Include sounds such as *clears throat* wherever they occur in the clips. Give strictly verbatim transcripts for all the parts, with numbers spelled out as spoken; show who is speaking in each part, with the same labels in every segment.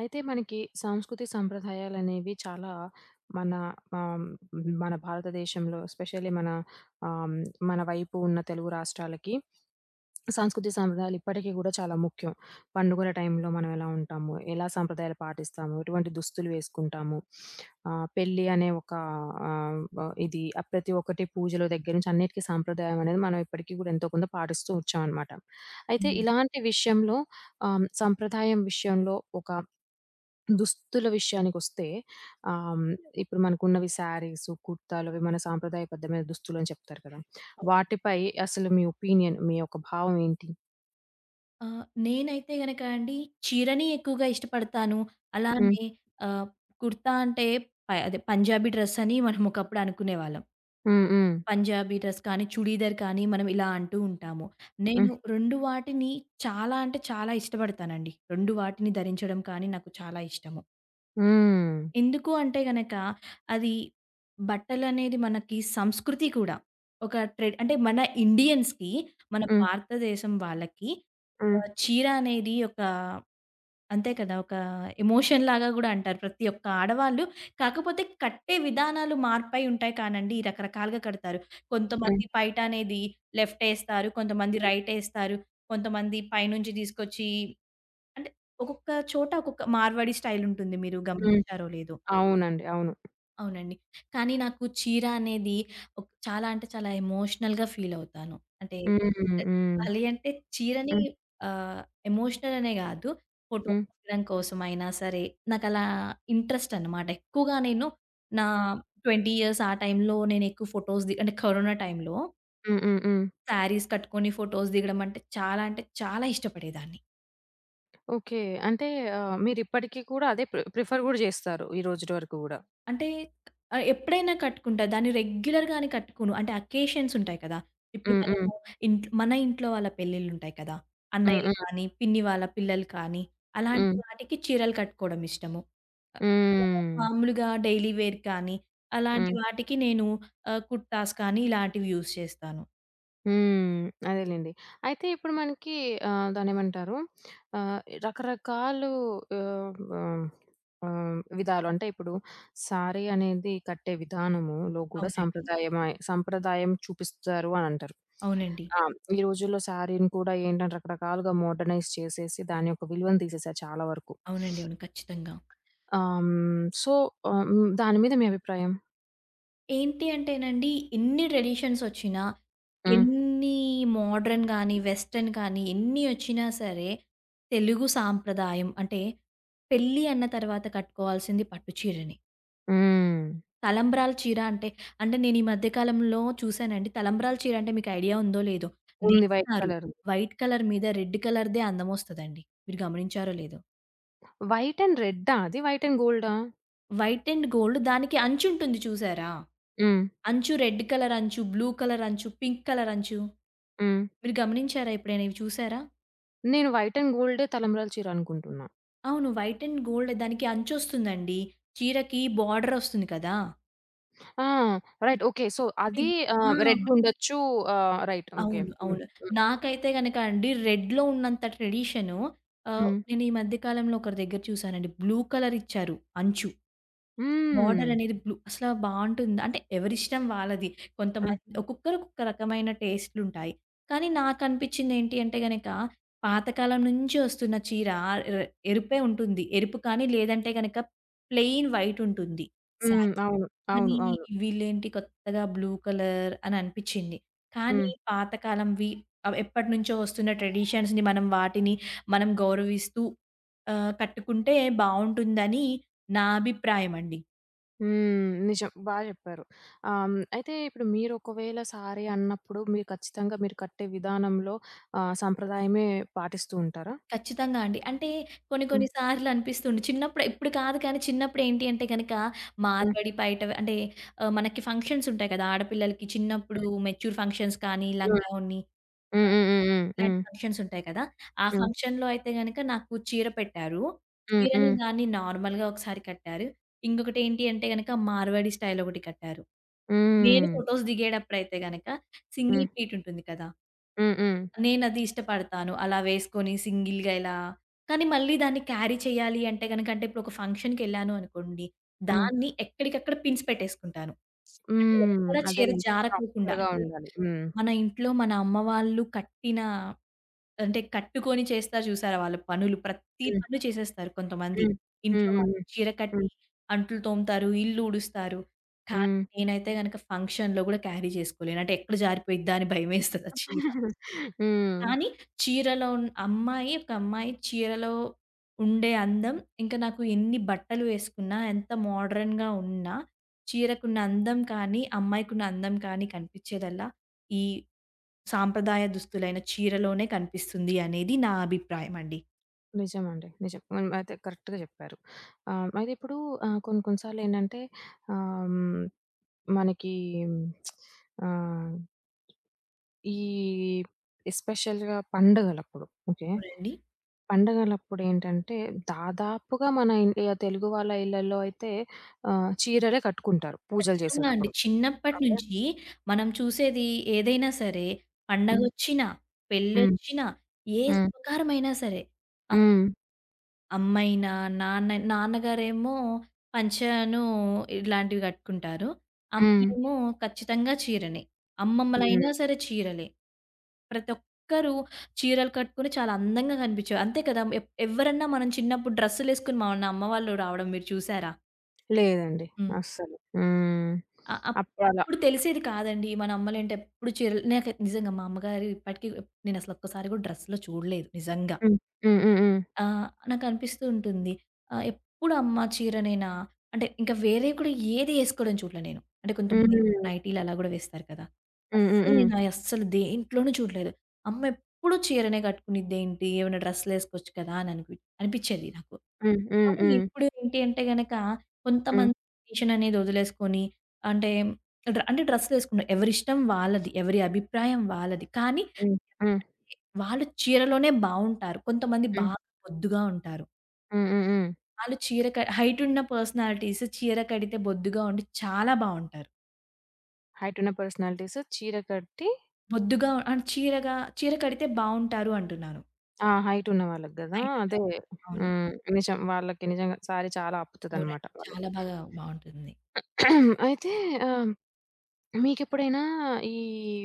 Speaker 1: అయితే మనకి, సాంస్కృతి సంప్రదాయాలనేవి చాలా మన ఆహ్, మన భారతదేశంలో స్పెషల్లీ మన ఆహ్, మన వైపు ఉన్న తెలుగు రాష్ట్రాలకి, సాంస్కృతి, సంప్రదాయాలు ఇప్పటికి గూడా చాలా ముఖ్యం. పండుగుల టైంలో మనం ఎలా ఉంటాము, ఎలా సాంప్రదాయాలు పాటిస్తాము, ఎటువంటి దుస్తులు వేసుకుంటాము, *sniffs* ఆహ్, పెళ్లి అనే ఒక ఆహ్, వ ఇది ఆ ప్రతి ఒక్కటి పూజలు దగ్గర నుంచి అన్నిటికి సాంప్రదాయం అనేది, మనం ఇప్పటికి గూడా ఎంతో కొంత పాటిస్తూ వచ్చాం అనమాట. అయితే
Speaker 2: హ్మ్.
Speaker 1: ఇలాంటి విషయంలో ఆహ్, సంప్రదాయం విషయంలో ఒక దుస్తుల విషయానికోస్తే ఆహ్, ఇప్పుడు మనకున్నవి సరీస్, కుర్తాలవి మన సంప్రదాయబద్ధమైన దుస్తులు అని చెప్తారు కదా!
Speaker 2: ఓకే.
Speaker 1: వాటిపై అసలు మీ ఒపీనియన్ మీ యొక్క భావం ఏంటి?
Speaker 2: ఆ! నేనైతే గనక అండి, చీరని ఎక్కువగా ఇష్టపడతాను.
Speaker 1: హ్మ్.
Speaker 2: అలానే ఆహ్, కుర్తా అంటే ప అదే పంజాబీ డ్రెస్సని మనం ఒకప్పుడు అనుకునేవాళ్ళం.
Speaker 1: హ్మ్. హ్మ్.
Speaker 2: పంజాబీ డ్రెస్ కానీ, చుడీదార్ కానీ మనం ఇలా అంటూ ఉంటాము. నేను
Speaker 1: హ్మ్.
Speaker 2: రెండు వాటిని చాలా అంటే, చాలా ఇష్టపడతానండి. రెండు వాటిని ధరించడం కానీ నాకు చాలా ఇష్టము.
Speaker 1: హ్మ్.
Speaker 2: ఎందుకు అంటే గనక, అది బట్టలనేది మనకి సంస్కృతి కూడా. ఒక ట్రెడ్ అంటే మన ఇండియన్స్‌కి మన
Speaker 1: హ్మ్.
Speaker 2: భారతదేశం వాళ్ళకి
Speaker 1: హ్మ్.
Speaker 2: ఆహ్, చీర అనేది ఒకా అంతే కదా! ఒక ఎమోషన్‌ లాగా గూడా అంటారు. ప్రతి ఒక్క ఆడవాళ్ళు కాకపోతే కట్టే విధానాలు మార్పై ఉంటాయి కానండి. ఈ రకరకాలుగా కడతారు.
Speaker 1: హ్మ్.
Speaker 2: కొంతమంది పైటనేది లెఫ్ట్ యేస్తారు. కొంతమంది
Speaker 1: హ్మ్.
Speaker 2: రైట్ యేస్తారు. కొంతమంది పైనుంచి తీసుకొచ్చి అంటే ఒక్కొక్క చోట, ఒక్కొక్క మార్వాడి స్టైల్ ఉంటుంది. మీరు
Speaker 1: హ్మ్.
Speaker 2: గమనించారో లేదో.
Speaker 1: అవునండి. అవును.
Speaker 2: అవునండి. కానీ నాకు చీర అనేది ఒక్ చాలా అంటే, చాలా ఎమోషనల్‌గా ఫీల్ అవుతాను. అంటే
Speaker 1: హ్మ్.
Speaker 2: చ
Speaker 1: హ్మ్. హ్మ్.
Speaker 2: చెప్పాలి అంటే, చీరని
Speaker 1: హ్మ్.
Speaker 2: ఆహ్, ఎమోషనల్ అనే గాదు. ఫోటో
Speaker 1: హ్మ్.
Speaker 2: తీయడం కోసం అయినా సరే, నాకలా ఇంట్రెస్ట్ అన్నమాట. ఎక్కువగా నేను నా ట్వెంటీ ఇయర్స్ ఆ టైంలో నేనెక్కువ ఫోటోస్ ది అంటే కరోనా టైంలో
Speaker 1: హ్మ్. హ్మ్. హ్మ్.
Speaker 2: శారీస్ కట్టుకొని ఫోటోస్ దిగడం అంటే చాలా అంటే చాలా ఇష్టపడేదాన్ని.
Speaker 1: ఓకే. అంటే ఆహ్, మీరిప్పటికి కూడా అదే ప్రి ప్రిఫర్ కూడా జేస్తారు. ఈ రోజుటి వరకు కూడా.
Speaker 2: అంటే, ఆహ్, ఎప్పుడైనా కట్టుకుంటా. దాన్ని రెగ్యులర్‌గానే కట్టుకోను. అంటే అకేషన్స్ ఉంటాయి కదా! ఇప్పుడు
Speaker 1: హ్మ్. హ్మ్.
Speaker 2: మనము ఇంట్ మన ఇంట్లో వాళ్ళ పెళ్ళిళ్ళుంటాయి కదా!
Speaker 1: హ్మ్.
Speaker 2: అన్నయ్యలు
Speaker 1: హ్మ్.
Speaker 2: గాని, పిన్ని వాళ్ళ పిల్లలు కానీ, అలాంటి
Speaker 1: హ్మ్.
Speaker 2: వాటికి చీరలు కట్టుకోవడమిష్టము. లేదా,
Speaker 1: హ్మ్.
Speaker 2: మామూలుగా డైలీ వేర్ కానీ, అలాంటి
Speaker 1: హ్మ్.
Speaker 2: వాటికి నేను ఆహ్, కుర్తాస్ కానీ, ఇలాంటివి యూజ్ చేస్తాను.
Speaker 1: హ్మ్. అదేలెండి. అయితే ఇప్పుడు మనకి ఆహ్, దాన్నేంమంటారు? ఆహ్, రకరకాలు ఆహ్, ఆహ్, ఆహ్, విధాలు అంటే ఇప్పుడు శారీ అనేది కట్టే విధానములో కూడా
Speaker 2: అవునండి.
Speaker 1: సంప్రదాయమే సంప్రదాయం చూపిస్తారు అనంటారు.
Speaker 2: అవునండి.
Speaker 1: ఆ! హ్మ్. ఈ రోజుల్లో శారీని కూడా ఏంటంటే రకరకాలుగా మోడ్రనైజ్ చేసేసి దాని యొక్క విలువను తీసేసారు చాలా వరకు.
Speaker 2: అవునండి.
Speaker 1: *sniffs*
Speaker 2: అవును. ఖచ్చితంగా.
Speaker 1: ఆ! హ్మ్. సో, ఆహ్, హ్మ్. దాని మీద మీ అభిప్రాయం?
Speaker 2: ఏంటి అంటేనండి, ఇన్ని ట్రెడిషన్స్ ఒచ్చినా,
Speaker 1: హ్మ్.
Speaker 2: ఎన్ని మోడ్రన్ గాని, వెస్టర్న్ కానీ, ఎన్ని ఒచ్చినా సరే, తెలుగు సాంప్రదాయం అంటే, పెళ్ళి అన్న తరువాత కట్టుకోవాల్సింది పట్టు చీరనే.
Speaker 1: హ్మ్.
Speaker 2: తలంబ్రాల చీర అంటే అంటే నేను ఈ మధ్య కాలంలో చూసానండి. తలంబ్రాల చీర అంటే మీకు ఐడియా ఉందో, లేదో,
Speaker 1: ఉంది. వైట్
Speaker 2: నేస్తారు.
Speaker 1: కలర్
Speaker 2: వైట్ కలర్ మీద రెడ్ కలర్‌దే అందం ఒస్తదండి. మీరు గమనించారో లేదో!
Speaker 1: వైట్ అండ్ రెడ్డా అది? వైట్ అండ్ గోల్డా?
Speaker 2: వైట్ అండ్ గోల్డ్ దానికి అంచుంటుంది చూసారా?
Speaker 1: హ్మ్.
Speaker 2: అంచు రెడ్ కలర్ అంచు, బ్లూ కలర్ అంచు, పింక్ కలర్ అంచు.
Speaker 1: హ్మ్.
Speaker 2: మీరు గమనించారా ఎప్పుడైనా ఇవి చూసారా?
Speaker 1: నేను వైట్ అండ్ గోల్డే తలంబ్రాల చీరనుకుంటున్నా.
Speaker 2: అవును. వైట్ అండ్ గోల్డె దానికి అంచొస్తుందండి. చీరకి బార్డర్ ఒస్తుంది కదా!
Speaker 1: ఆ! Right okay. సో, అది
Speaker 2: బిగ్ ఆ!
Speaker 1: ఆహ్, రెడ్ ఉండొచ్చు. ఆ! Right okay.
Speaker 2: అవును.
Speaker 1: హ్మ్.
Speaker 2: అవును.
Speaker 1: హ్మ్.
Speaker 2: నాకైతే గనక అండి. రెడ్‌లో ఉన్నంత ట్రెడిషను ఆహ్,
Speaker 1: హ్మ్.
Speaker 2: నేను ఈ మధ్య కాలంలో ఒకరి దగ్గర చూసానండి బ్లూ కలర్ ఇచ్చారు అంచు.
Speaker 1: హ్మ్.
Speaker 2: బోర్డరనేది బ్లూ అసల బావుంటుందా? అంటే ఎవరిష్టం వాళ్ళది.
Speaker 1: హ్మ్.
Speaker 2: కొంతమంది ఒక్కొక్కరికి ఒక్కొక్క రకమైన టేస్ట్‌లుంటాయి. కానీ నాకు అనిపించింది ఏంటి అంటే గనక పాతకాలం నుంచి వస్తున్న చీర ఆహ్, ఎరుపే ఉంటుంది. ఎరుపు కానీ లేదంటే గనక ప్లెయిన్ వైట్ ఉంటుంది
Speaker 1: హ్మ్.
Speaker 2: సారీ.
Speaker 1: అవును. అవును.
Speaker 2: కానీ
Speaker 1: అవును.
Speaker 2: వీళ్ళు ఏంటి కొత్తగా బ్లూ కలర్ అని అనిపిచింది. కానీ
Speaker 1: హ్మ్.
Speaker 2: పాత కాలంవి అవేప్పటినుంచో వస్తున్న ట్రెడిషన్స్‌ని మనం వాటిని మనం గౌరవిస్తూ ఆహ్, కట్టుకుంటే బావుంటుందని నా అభిప్రాయమండి.
Speaker 1: హ్మ్. నిజం బా జెప్పారు. ఆహ్, హ్మ్. అయితే ఇప్పుడు మీరొకవేళ శారీ అన్నప్పుడు మీరు ఖచ్చితంగా మీరు కట్టే విధానంలో ఆహ్, సంప్రదాయమే పాటిస్తూంటారా?
Speaker 2: ఖచ్చితంగా అండి. అంటే కొన్ని కొన్ని
Speaker 1: హ్మ్.
Speaker 2: సార్లనిపిస్తుంది. చిన్నప్పుడు ఇప్పుడు కాదు కానీ చిన్నప్పుడేంటి అంటే గనక,
Speaker 1: హ్మ్.
Speaker 2: మార్వాడి పైట వ అంటే ఆహ్, మనకి ఫంక్షన్సుంటాయి కదా! ఆడ పిల్లలకి చిన్నప్పుడు మెచ్యూర్ ఫంక్షన్స్ కానీ,
Speaker 1: హ్మ్.
Speaker 2: లంగా ఓణి
Speaker 1: హ్మ్. హ్మ్. హ్మ్. హ్మ్.
Speaker 2: ఇలాంటి
Speaker 1: హ్మ్.
Speaker 2: ఫంక్షన్సుంటాయి కదా! ఆ
Speaker 1: హ్మ్.
Speaker 2: ఫంక్షన్‌లో అయితే గనక నాకు చీర పెట్టారు.
Speaker 1: హ్మ్.
Speaker 2: చీరని
Speaker 1: హ్మ్.
Speaker 2: దాన్ని నార్మల్‌గా ఒకసారి కట్టారు. ఇంకొకటేంటి అంటే గనక, మార్వాడి స్టైలొకటి కట్టారు. నేను
Speaker 1: హ్మ్.
Speaker 2: ఫోటోస్ దిగేటప్పుడయితే గనక సింగిల్
Speaker 1: హ్మ్.
Speaker 2: ప్లీటుంటుంది కదా!
Speaker 1: హ్మ్. హ్మ్.
Speaker 2: నేనది ఇష్టపడతాను. అలా వేసుకొని సింగిల్‌గా ఇలా కానీ మళ్ళి దాన్ని క్యారీ చేయాలి అంటే గనక అంటే ఇప్పుడొక ఫంక్షన్‌కెళ్ళాను అనుకోండి.
Speaker 1: హ్మ్.
Speaker 2: దాన్ని ఎక్కడికక్కడ పిన్స్ పెట్టేసుకుంటాను. అది
Speaker 1: హ్మ్.
Speaker 2: ఎక్కడ చీర
Speaker 1: అదేలెండి.
Speaker 2: జారకోకుండా
Speaker 1: ప్రాపర్‌గా
Speaker 2: అంటే
Speaker 1: ఉండాలి హ్మ్.
Speaker 2: మన ఇంట్లో మన అమ్మ వాళ్ళు కట్టిన అంటే కట్టుకొని చేస్తారు జూసారా వాళ్ళ పనులు ప్రత్తి
Speaker 1: హ్మ్.
Speaker 2: పని చేసేస్తారు కొంతమంది
Speaker 1: హ్మ్. హ్మ్.
Speaker 2: ఇంట్లో
Speaker 1: హ్మ్.
Speaker 2: వాళ్ళు.
Speaker 1: హ్మ్.
Speaker 2: చీర కట్టి,
Speaker 1: హ్మ్.
Speaker 2: అంట్లు తోముతారు, ఇల్లూడుస్తారు కానీ
Speaker 1: హ్మ్.
Speaker 2: నేనైతే గనుక ఫంక్షన్‌లో గూడా క్యారీ జేసుకోలేను. అంటే ఎక్కడ జారిపోయిద్దా అని భయమేస్తది ఆ చీర.
Speaker 1: *giggles* హ్మ్.
Speaker 2: కానీ చీరలో ఉన్ అమ్మాయి ఒక అమ్మాయి చీరలో ఉండే అందం ఇంకా నాకు ఎన్ని బట్టలు వేసుకున్నా ఎంత మోడ్రన్‌గా ఉన్నా చీరకున్న అందం కానీ, అమ్మాయికి ఉన్న అందం కానీ కనిపిచ్చేదల్లా ఈ సాంప్రదాయ దుస్తులైన చీరలోనే కనిపిస్తుంది అనేది నా అభిప్రాయమండి.
Speaker 1: నిజమండి. నిజం. మనం అయితే కరెక్ట్‌గా జెప్పారు. ఆహ్, మరిప్పుడు ఆహ్, కొన్ని కొన్నిసార్లేంటంటే ఆహ్, మనకీ *smacks lips* ఆహ్ ఈ ఎస్పెషల్‌గా పండగలప్పుడు ఓకే.
Speaker 2: అవునండి.
Speaker 1: పండగలప్పుడేంటంటే, దాదాపుగా మన ఇండియా తెలుగు వాళ్ళ ఇళ్ళల్లో అయితే ఆహ్, చీరలే కట్టుకుంటారు పూజలు
Speaker 2: ఖచ్చితంగా అండి.
Speaker 1: జేసేటప్పుడు. ఓకే.
Speaker 2: చిన్నప్పటినుంచి మనం చూసేది ఏదైనా సరే
Speaker 1: హ్మ్.
Speaker 2: పండగొచ్చిన,
Speaker 1: హ్మ్.
Speaker 2: పెళ్ళొచ్చినా, ఏ
Speaker 1: హ్మ్.
Speaker 2: శుభకారమైనా సరే. ఆ!
Speaker 1: హ్మ్.
Speaker 2: అమ్మయినా, నాన్న నాన్నగారేమో పంచానూ ఇలాంటివి గట్టుకుంటారు.
Speaker 1: హ్మ్.
Speaker 2: అమ్మేమో ఖచ్చితంగా చీరనే. అమ్మమ్మలైనా
Speaker 1: హ్మ్.
Speaker 2: సరే చీరలే. ప్రతొక్కరు చీరలు కట్టుకొనే చాలా అందంగా గనిపించేవారు. అంతే కదా! ఎప్ ఎవరన్నా మనం చిన్నప్పుడు డ్రెస్సులేసుకొని మన అమ్మవాళ్ళు రావడం మీరు చూశారా?
Speaker 1: లేదండి.
Speaker 2: హ్మ్.
Speaker 1: అస్సలు. హ్మ్.
Speaker 2: అ అ
Speaker 1: అప్పుడు అలా
Speaker 2: అప్పుడు తెలిసేది కాదండి. మన అమ్మలేంటో ఎప్పుడు చీరలు నాకే నిజంగా మా అమ్మగారు ఇప్పటికి ఎప్ నేనసలు ఒక్కసారి గూడా డ్రెస్‌లో చూడలేదు నిజంగా.
Speaker 1: హ్మ్. హ్మ్. హ్మ్. హ్మ్.
Speaker 2: ఆ! నాకనిపిస్తూ ఉంటుంది. ఆహ్, ఎప్పుడు అమ్మ చీరనేనా? అంటే ఇంకా వేరేవి కూడా ఏదీ ఏసుకోడం చూడలే నేను. అంటే కొంతమంది ఇంట్లో
Speaker 1: హ్మ్.
Speaker 2: నైటీ‌లు అలా గూడా వేస్తారు గదా!
Speaker 1: హ్మ్. హ్మ్.
Speaker 2: అస్సలు
Speaker 1: హ్మ్.
Speaker 2: నేనా అస్సలు దేంట్లోనూ చూడలేదు. అమ్మెప్పుడు చీరనే గట్టుకునిద్దేంటి? ఏవైనా డ్రెస్సు‌లేసుకోవచ్చు కదా! అననిపిచి అనిపిచ్చేది నాకు.
Speaker 1: హ్మ్. హ్మ్.
Speaker 2: కానీ
Speaker 1: హ్మ్.
Speaker 2: ఇప్పుడు ఏంటి అంటే గనక,
Speaker 1: హ్మ్.
Speaker 2: కొంతమంది ట్రెడిషన్ అనేదొదిలేసుకొని, అంటే డ్రా అంటే డ్రెస్సులేసుకునే ఎవరిష్టం వాళ్ళది. ఎవరి అభిప్రాయం వాళ్ళది. కానీ
Speaker 1: హ్మ్. హ్మ్.
Speaker 2: ఎందుకంటే, వాళ్ళు చీరలోనే బావుంటారు. కొంతమంది బా
Speaker 1: హ్మ్.
Speaker 2: బొద్దుగా ఉంటారు.
Speaker 1: హ్మ్. హ్మ్. హ్మ్.
Speaker 2: ఆళ్ళు చీర క హైటున్న పర్సనాలిటీసు చీర కడితే బొద్దుగా ఉండి చాలా బావుంటారు.
Speaker 1: హైటున్న పర్సనాలిటీసు చీర కట్టి
Speaker 2: బొద్దుగా అండ్ చీరగా చీర కడితే బావుంటారు అంటున్నారు.
Speaker 1: ఆ! హైటున్న వాళ్ళకి గదా! అదే.
Speaker 2: హైటున్నవారు. అవును.
Speaker 1: హ్మ్. నిజం. వాళ్ళకి నిజంగా శారీ చాలా
Speaker 2: అవునండి.
Speaker 1: అప్పుతదన్నమాట
Speaker 2: చాలా
Speaker 1: వాళ్ళకి.
Speaker 2: బాగా బావుంటుంది.
Speaker 1: *clears throat* అయితే ఆహ్, మీకెప్పుడైనా ఈ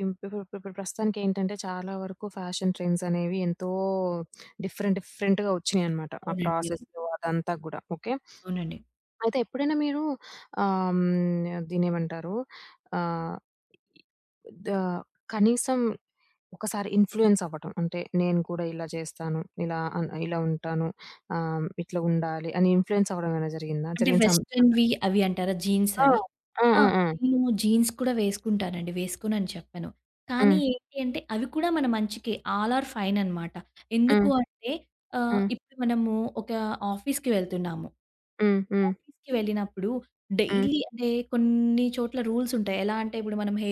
Speaker 1: ఇప్పుడు ఇప్పుడు ప్రస్తుతానికేంటంటే చాలా వరకు ఫ్యాషన్ ట్రెండ్స్ అనేవి ఎంతో డిఫరెంట్ డిఫరెంట్‌గా ఒచ్చినాయన్నమాట. ఆ
Speaker 2: అవునండి. అవును.
Speaker 1: ప్రాసెస్సు అదంతా గూడా. ఓకే.
Speaker 2: అవునండి.
Speaker 1: *sniffs* అయితే ఎప్పుడైనా మీరు ఆహ్, హ్మ్. దీన్నేమంటారు? ఆహ్, ఇ ఇ ద కనీసం ఒకసారి ఇన్‌‌ఫ్లుయెన్స్ అవ్వడం. అంటే నేను గూడా ఇలా జేస్తాను. ఇలా ఆహ్, ఇలా ఉంటాను. ఆహ్, ఇట్లా ఉండాలి అని ఇన్‌ఫ్లుయెన్స్ అవ్వడం ఏమైనా జరిగిందా?
Speaker 2: అంటే
Speaker 1: జరిగిన సం సంఘటన.
Speaker 2: వెస్ట్రన్‌వి అవి అంటారా జీన్స్
Speaker 1: ఆ!
Speaker 2: అవి?
Speaker 1: ఆ!
Speaker 2: ఆ!
Speaker 1: ఆ! ఆ!
Speaker 2: నేను జీన్స్ కూడా వేసుకుంటానండి. వేసుకోనని చెప్పను. కానీ
Speaker 1: హ్మ్.
Speaker 2: ఏంటి అంటే అవి కూడా మన మంచికే. ఆల్ ఆర్ ఫైన్ అన్నమాట. ఎందుకు
Speaker 1: హ్మ్.
Speaker 2: అంటే ఆహ్,
Speaker 1: హ్మ్.
Speaker 2: ఇప్పుడు మనము ఒక ఆఫీసు‌కి వెళ్తున్నాము.
Speaker 1: హ్మ్. హ్మ్.
Speaker 2: ఆఫీ‌సుకి వెళ్ళినప్పుడు
Speaker 1: హ్మ్.
Speaker 2: డైలీ అంటే కొన్ని చోట్ల రూల్సుంటాయి. ఎలా అంటే ఇప్పుడు మనం హె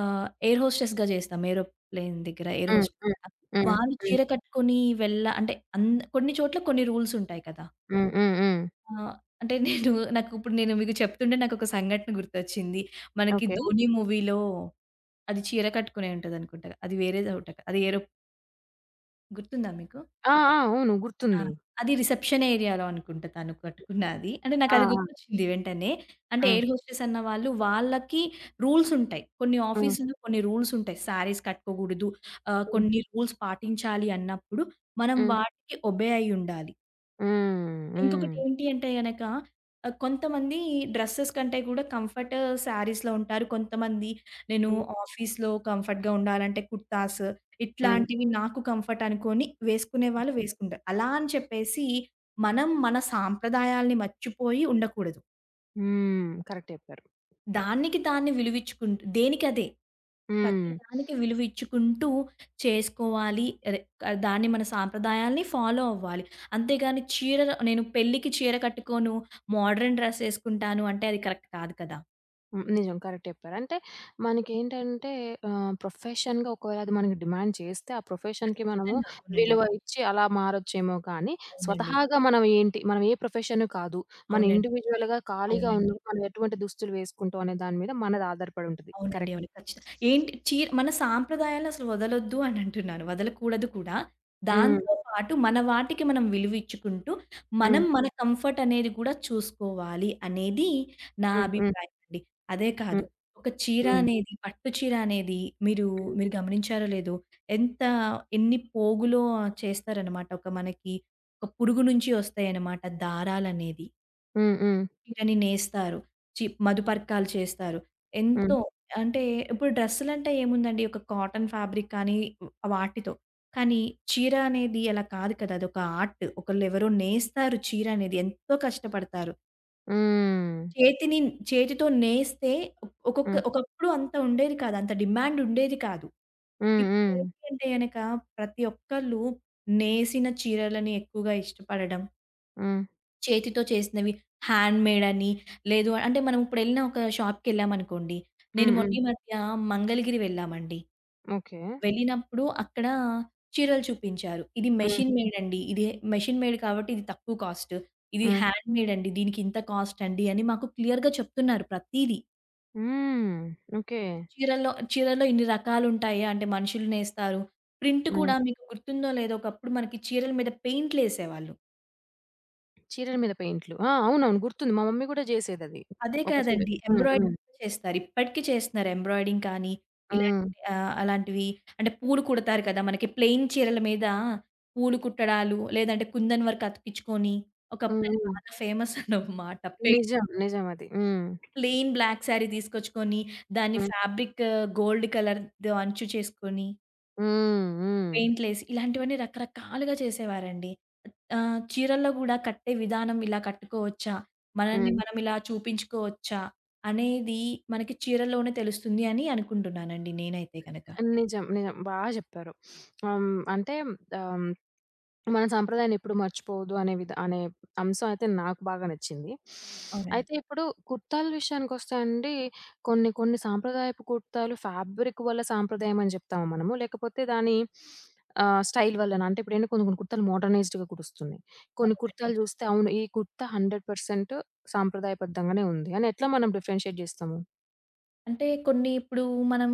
Speaker 2: ఆహ్, ఎయిర్ హోస్టెస్‌గా జేస్తాం ఏరోప్లెయిన్ దగ్గర ఎయిర్
Speaker 1: హ్మ్.
Speaker 2: హోస్టస్‌గా.
Speaker 1: హ్మ్. హ్మ్.
Speaker 2: వాళ్ళు
Speaker 1: హ్మ్.
Speaker 2: చీర కట్టుకొని వెళ్ల అంటే అన్‌ద కొన్ని చోట్ల కొన్ని రూల్సుంటాయి కదా!
Speaker 1: హ్మ్. హ్మ్. హ్మ్.
Speaker 2: ఆహ్, అంటే *chuckles* నేను నాకు ఇప్పుడు నేను మీకు చెప్తుంటే నాకు ఒక సంఘటన గుర్తొచ్చింది. మనకి
Speaker 1: ఓకే.
Speaker 2: ధోని మూవీలో అది చీర కట్టుకునే ఉంటది అనుకుంటగా. అది వేరేదవట అది ఏరో గుర్తుందా మీకు?
Speaker 1: ఆ! ఆ! అవును.
Speaker 2: ఆ!
Speaker 1: గుర్తుంది.
Speaker 2: అది రిసెప్షన్ ఏరియా‌లో అనుకుంట తను కట్టుకున్నాది. అంటే,
Speaker 1: ఆ!
Speaker 2: నాకది
Speaker 1: ఆ!
Speaker 2: గుర్తొచ్చింది వెంటనే అంటే
Speaker 1: ఆ!
Speaker 2: ఎయిర్ హోస్టెస్ అన్న వాళ్ళు వాళ్ళకి రూల్స్ ఉంటాయి. కొన్ని
Speaker 1: హ్మ్.
Speaker 2: ఆఫీస్‌లో, కొన్ని రూల్స్ ఉంటాయి. శారీస్‌ కట్టుకోకూడదు. ఆహ్,
Speaker 1: హ్మ్.
Speaker 2: కొన్ని రూల్స్ పాటించాలి అన్నప్పుడు మనం
Speaker 1: హ్మ్.
Speaker 2: వాటికి ఒబే అయ్యుండాలి.
Speaker 1: హ్మ్. హ్మ్.
Speaker 2: ఇంకొకటేంటి అంటే గనక ఆహ్, కొంతమంది డ్రెసెస్ కంటే కూడా, కంఫర్ట్ శారీస్‌లో ఉంటారు. కొంతమంది నేను
Speaker 1: హ్మ్.
Speaker 2: ఆఫీస్‌లో కంఫర్ట్‌గా ఉండాలంటే, కుర్తాస్
Speaker 1: హ్మ్.
Speaker 2: ఇట్లాంటివి నాకు కంఫర్ట్ అనుకోని, వేసుకునే
Speaker 1: హ్మ్,
Speaker 2: వాళ్ళు వేసుకుంటారు. అలా అని చెప్పేసి, మనం మన సాంప్రదాయాల్ని మర్చిపోయి ఉండకూడదు.
Speaker 1: హ్మ్. కరెక్ట్ చెప్పారు.
Speaker 2: దానికి దాన్ని విలువిచ్చుకుంటూ దేనికి అదే. ప్రతి
Speaker 1: హ్మ్.
Speaker 2: దానికి
Speaker 1: *sniffs*
Speaker 2: విలువిచ్చుకుంటూ చేసుకోవాలి. అదే, దాన్ని మన సంప్రదాయాల్ని ఫాలో అవ్వాలి. అంతేగాని చీరల నేను పెళ్లికి చీర కట్టుకోను. మాడ్రన్ డ్రెస్ ఏసుకుంటాను అంటే అది కరెక్ట్ కాదు కదా!
Speaker 1: హ్మ్. నిజం కరెక్ట్ చెప్పారు. అంటే మనకేంటంటే, ఆహ్, ప్రొఫెషన్‌గా ఒకవేళ అది మనకి డిమాండ్ చేస్తే, ఆ ప్రొఫెషన్‌కి మనము
Speaker 2: ఖచ్చితంగా. అవునండి.
Speaker 1: విలువ ఇచ్చి అలా మారొచ్చేమో కానీ,
Speaker 2: అవునండీ.
Speaker 1: స్వతహాగా మనమేంటి, మనం ఏ ప్రొఫెషన్ కాదు. మనం
Speaker 2: అవునండి.
Speaker 1: ఇండివిజువల్‌గా ఖాళీగా
Speaker 2: అవునండి.
Speaker 1: ఉన్నా, మనం ఎటువంటి దుస్తులు వేసుకుంటాం అనే దాని మీద మనది ఆధారపడి ఉంటుంది.
Speaker 2: అవునండి.
Speaker 1: కరెక్ట్.
Speaker 2: అవును. ఖచ్చితంగా. ఏంటి చీర మన సాంప్రదాయాలసల వదలొద్దు అని *giggles* అంటున్నాను. వదలకూడదు కూడా.
Speaker 1: హ్మ్.
Speaker 2: దాంతో పాటు మన వాటికి మనం విలువిచ్చుకుంటూ, మనం
Speaker 1: హ్మ్.
Speaker 2: మన కంఫర్ట్ అనేది గూడా చూసుకోవాలి, అనేది నా
Speaker 1: హుహు.
Speaker 2: అభిప్రాయమండీ. అదే కాదు,
Speaker 1: హ్మ్.
Speaker 2: ఒక చీర
Speaker 1: హ్మ్.
Speaker 2: అనేది పట్టు చీర అనేది మీరు,
Speaker 1: హ్మ్.
Speaker 2: మీరు గమనించారో లేదో ఎంత ఎన్ని పోగులో చేస్తారన్నమాట. ఒక మనకి ఒక పురుగు నుంచి ఒస్తాయన్నమాట దారాలనేవి.
Speaker 1: హ్మ్. హ్మ్.
Speaker 2: చీరని నేస్తారు. చి మధుపర్కాలు చేస్తారు. ఎంతో
Speaker 1: హ్మ్.
Speaker 2: అంటే ఇప్పుడు డ్రెస్సులంటే ఏముందండి ఒక కాటన్ ఫాబ్రిక్ కానీ వాటితో. కానీ చీర అనేది అలా కాదు కదా! అది ఒక ఆర్ట్. ఒకళ్ళు ఎవరో నేస్తారు చీరనేది. ఎంతో కష్టపడతారు.
Speaker 1: హ్మ్.
Speaker 2: చేతిని, చేతితో నేస్తే ఒకొక్క
Speaker 1: హ్మ్.
Speaker 2: ఒకప్పుడు అంత ఉండేది కాదు. అంత డిమాండ్ ఉండేది కాదు.
Speaker 1: హ్మ్. హ్మ్.
Speaker 2: ఇప్పుడేంటి అంటే గనక ప్రతి ఒక్కళ్ళు నేసిన చీరలని ఎక్కువగా ఇష్టపడడం
Speaker 1: హ్మ్.
Speaker 2: చేతితో చేసినవి హాండ్ మేడ్ అని లేదు అంటే మనం ఇప్పుడెళ్ళిన ఒక షాప్‌కెళ్ళామనుకోండి. నేను
Speaker 1: హ్మ్.
Speaker 2: మొన్న
Speaker 1: హ్మ్.
Speaker 2: ఈ మధ్య మంగళగిరి వెళ్ళామండి.
Speaker 1: ఓకే.
Speaker 2: వెళ్ళినప్పుడు అక్కడ చీరలు చూపించారు. ఇది
Speaker 1: హ్మ్.
Speaker 2: మెషిన్ మేడ్ అండి. ఇది మెషిన్ మేడ్ కాబట్టి ఇది తక్కువ కాస్ట్. ఇది
Speaker 1: హ్మ్.
Speaker 2: హ్యాండ్ మేడ్ అండి. దీనికింత కాస్ట్ అండి అని మాకు క్లియర్‌గా చెప్తున్నారు ప్రతీదీ.
Speaker 1: హ్మ్. ఓకే.
Speaker 2: చీరల్లో, చీరల్లో ఇన్ని రకాలుంటాయా అంటే మనుషులు నేస్తారు. ప్రింట్
Speaker 1: హ్మ్.
Speaker 2: కూడా మీకు గుర్తుందో లేదో ఒకప్పుడు మనకి చీరల మీద పెయింట్‌లేసేవాళ్ళు.
Speaker 1: చీరల మీద పెయింటులు. ఆ! అవునవును. గుర్తుంది. మా మమ్మీ గూడా చేసేదది.
Speaker 2: అదే
Speaker 1: ఒక చీర
Speaker 2: కాదండి.
Speaker 1: హ్మ్. హ్మ్.
Speaker 2: ఎంబ్రాయిడరింగ్ చేస్తారు. ఇప్పటికి చేస్తున్నారు. ఎంబ్రాయిడరింగ్ కానీ ఇలాంటి
Speaker 1: హ్మ్.
Speaker 2: ఆహ్, అలాంటివి. అంటే పూలు కుడతారు కదా! మనకి ప్లెయిన్ చీరల మీద పూలు కుట్టడాలు లేదంటే కుందన్ వర్క్ అతికిచ్చుకొని
Speaker 1: హ్మ్.
Speaker 2: ఒకప్పుడు అది
Speaker 1: హ్మ్.
Speaker 2: బాగా ఫేమసన్నమాట. పైయింట్
Speaker 1: నిజం. నిజం అది. హ్మ్.
Speaker 2: ప్లెయిన్ బ్లాక్ శారీ దీసుకొచ్చుకొని దాన్ని
Speaker 1: హ్మ్.
Speaker 2: ఫాబ్రిక్ గోల్డ్ కలర్ ద అంచు చేసుకొని
Speaker 1: హ్మ్. హ్మ్.
Speaker 2: పెయింట్‌లేసి. ఇలాంటివన్నీ రకరకాలుగా చేసేవారండి. ఆహ్, చీరల్లో గూడా కట్టే విధానం ఇలా కట్టుకోవచ్చా, మనల్ని
Speaker 1: హ్మ్.
Speaker 2: మనం ఇలా చూపించ్చుకోవచ్చా, అనేది మనకి చీరల్లోనే తెలుస్తుంది అని అనుకుంటున్నానండి నేనైతే గనక.
Speaker 1: నిజం. నిజం. బాగా జెప్పారు. *sniffs* ఆహ్, హ్మ్. అంటే ఆహ్, మన సాంప్రదాయాన్నెప్పుడు మర్చిపోవద్దు అనే విధ అనే అంశం అయితే నాకు బాగా నచ్చింది. *sniffs*
Speaker 2: అవునండి.
Speaker 1: అయితే ఇప్పుడు, కుర్తాల విషయానికొస్తే అండి కొన్ని, కొన్ని సాంప్రదాయపు కుర్తాలు ఫ్యాబ్రిక్ వల్ల సాంప్రదాయం అని జెప్తామా మనము? లేకపోతే దాని *sniffs* ఆహ్, స్టైల్ వల్లనా? అంటే ఇప్పుడేంటి కొన్ని, కొన్ని కుర్తాలు మోడర్నైజ్డ్‌గా కుడొస్తున్నాయి. కొన్ని
Speaker 2: అవునండి.
Speaker 1: కుర్తాలు జూస్తే, అవును. ఈ కుర్తా హండ్రెడ్ పర్సెంట్ సాంప్రదాయబద్ధంగానే ఉంది అని ఎట్లా మనం డిఫరెన్షియేట్ జేస్తాము?
Speaker 2: అంటే కొన్ని ఇప్పుడు మనం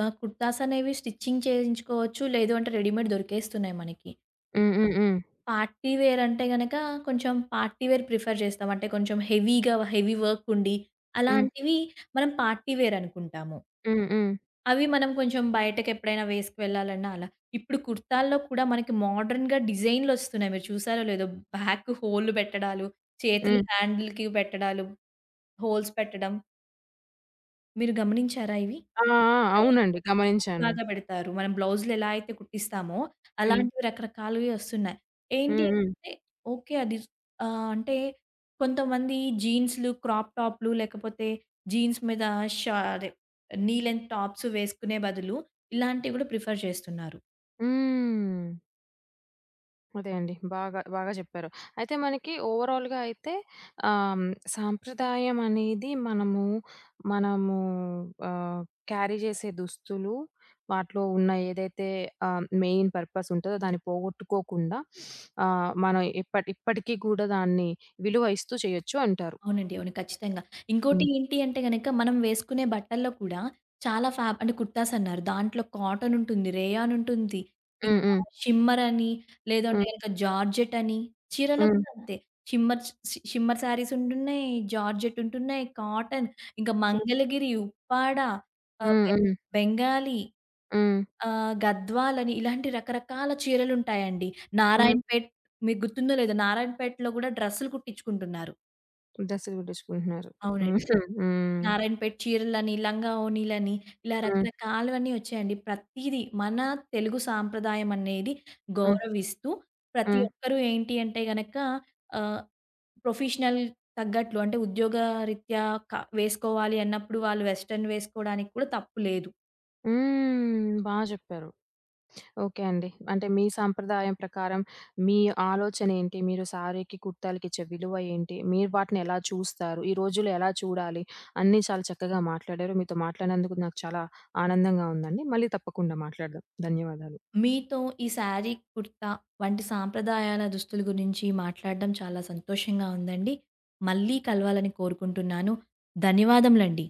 Speaker 2: ఆహ్, కుర్తాస్ అనేవి స్టిచింగ్ చేయించుకోవచ్చు. లేదు అంటే, రెడీమేడ్ దొరికేస్తున్నాయి మనకి.
Speaker 1: హ్మ్.
Speaker 2: ఇపుడు
Speaker 1: హ్మ్.
Speaker 2: మనం
Speaker 1: హ్మ్.
Speaker 2: పార్టీ‌వేర్ అంటే గనక, కొంచెం పార్టీ‌వేర్ ప్రిఫర్ జేస్తాం. అంటే కొంచెం హెవీ‌గా, హెవీ‌వర్క్ ఉండి.
Speaker 1: హ్మ్.
Speaker 2: అలాంటివి మనం పార్టీ‌వేర్ అనుకుంటాము.
Speaker 1: హ్మ్. హ్మ్.
Speaker 2: అవి మనం కొంచెం బయటకెప్పుడైనా వేసుకు వెళ్ళాలన్న అలా. ఇప్పుడు కుర్తాల్లో కూడా మనకి మోడర్న్‌గా డిజైన్‌లొస్తున్నాయి. మీరు చూసారో లేదో? బ్యాక్కు హోల్లు పెట్టడాలు, చేతులు
Speaker 1: హ్మ్.
Speaker 2: హ్యాండిల్‌కి పెట్టడాలు, హోల్స్ పెట్టడం. మీరు గమనించారా ఇవి?
Speaker 1: ఆ! ఆ!
Speaker 2: *unintelligible*
Speaker 1: అవునండి. గమనించాను.
Speaker 2: లాగా పెడతారు. మనం బ్లౌజులు ఎలా అయితే కుట్టిస్తామో,
Speaker 1: హ్మ్.
Speaker 2: అలాంటివి రకరకాలువి వస్తున్నాయి. ఏంటి
Speaker 1: హ్మ్. హ్మ్.
Speaker 2: అంటే ఓకే అది ఆహ్, అంటే కొంతమంది జీన్సులు, క్రాప్ టాపులు లేకపోతే జీన్స్ మీద షా అదే నీ లెన్త్ టాప్స్ వేసుకునే బదులు, ఇలాంటివి కూడా ప్రిఫర్ చేస్తున్నారు.
Speaker 1: హ్మ్. అదే అండి. బాగా బాగా చెప్పారు. అయితే మనకి ఓవరాల్‌గా అయితే ఆహ్, సంప్రదాయం అనేది మనము, మనము ఆహ్, క్యారీ చేసే దుస్తులు. వాటిలో ఉన్న ఏదైతే ఆహ్, మెయిన్ పర్పస్ ఉంటదో దాన్ని పోగొట్టుకోకుండా, *sniffs* ఆహ్, మనం ఇప్పటి ఇప్పటికి కూడా దాన్ని విలువ ఇస్తూ చేయొచ్చు అంటారు.
Speaker 2: అవునండి. అవును. ఖచ్చితంగా. ఇంకోటి
Speaker 1: హ్మ్.
Speaker 2: ఏంటి అంటే గనుక మనం వేసుకునే బట్టల్లో కూడా చాలా ఫాబ్ అంటే కుర్తాస్ అన్నారు. దాంట్లో కాటనుంటుంది, రేయానుంటుంది,
Speaker 1: హ్మ్.
Speaker 2: ఇంకా
Speaker 1: హ్మ్.
Speaker 2: షిమ్మర్ అని, లేదంటే
Speaker 1: హ్మ్.
Speaker 2: గనుక జార్జెట్ అని, చీరల్లో
Speaker 1: హ్మ్.
Speaker 2: కూడా అంతే. షిమ్మర్ షి షి షిమ్మర్ శారీస్ ఉంటున్నాయి. జార్జెట్ ఉంటున్నాయి. కాటన్, ఇంకా
Speaker 1: హ్మ్.
Speaker 2: మంగళగిరి, ఉప్పాడ, ఆహ్,
Speaker 1: హ్మ్.
Speaker 2: బెం
Speaker 1: హ్మ్.
Speaker 2: బెంగాలీ,
Speaker 1: హ్మ్.
Speaker 2: ఆహ్, గద్వాల్ అని ఇలాంటి రకరకాల చీరలుంటాయండి.
Speaker 1: హ్మ్.
Speaker 2: నారాయణపేట్ మీకు గుర్తుందో? లేదో? నారాయణపేటలో కూడా డ్రెసులు కుట్టించుకుంటున్నారు.
Speaker 1: డ్రెసులు కుట్టించుకుంటున్నారు.
Speaker 2: అవునండి.
Speaker 1: *chuckles* హుహు. హ్మ్.
Speaker 2: నారాయణపేట్ చీరలని, లంగావోనిలని, ఇలా
Speaker 1: హ్మ్.
Speaker 2: రకరకాలవన్నీ వచ్చాయండి. ప్రతీదీ మన తెలుగు సాంప్రదాయం అనేది
Speaker 1: హ్మ్.
Speaker 2: గౌరవిస్తూ, ప్రతి
Speaker 1: హ్మ్.
Speaker 2: ఒక్కరు ఏంటి అంటే గనక ఆహ్, ప్రొఫెషనల్ తగ్గట్లు అంటే ఉద్యోగరీత్యా క వేసుకోవాలి అన్నప్పుడు వాళ్ళు వెస్టర్న్ వేసుకోవడానికి కూడా తప్పు లేదు.
Speaker 1: హ్మ్. బా చెప్పారు. ఓకే అండి. అంటే మీ సాంప్రదాయం ప్రకారం, మీ ఆలోచనేంటి? మీరు సారీకి, కుర్తాలకి ఇచ్చే విలువ ఏంటి? మీరు వాటిని ఎలా చూస్తారు? ఈ రోజుల్లో ఎలా చూడాలి? అన్నీ చాలా చక్కగా మాట్లాడారు. మీతో మాట్లాడినందుకు నాకు చాలా ఆనందంగా ఉందండి. మళ్ళీ తప్పకుండా మాట్లాడుదాం. ధన్యవాదాలు.
Speaker 2: మీతో ఈ సారీ, కుర్తా వంటి సంప్రదాయాల దుస్తుల గురించి మాట్లాడడం చాలా సంతోషంగా ఉందండి. మళ్ళీ కలవాలని కోరుకుంటున్నాను. ధన్యవాదములండి.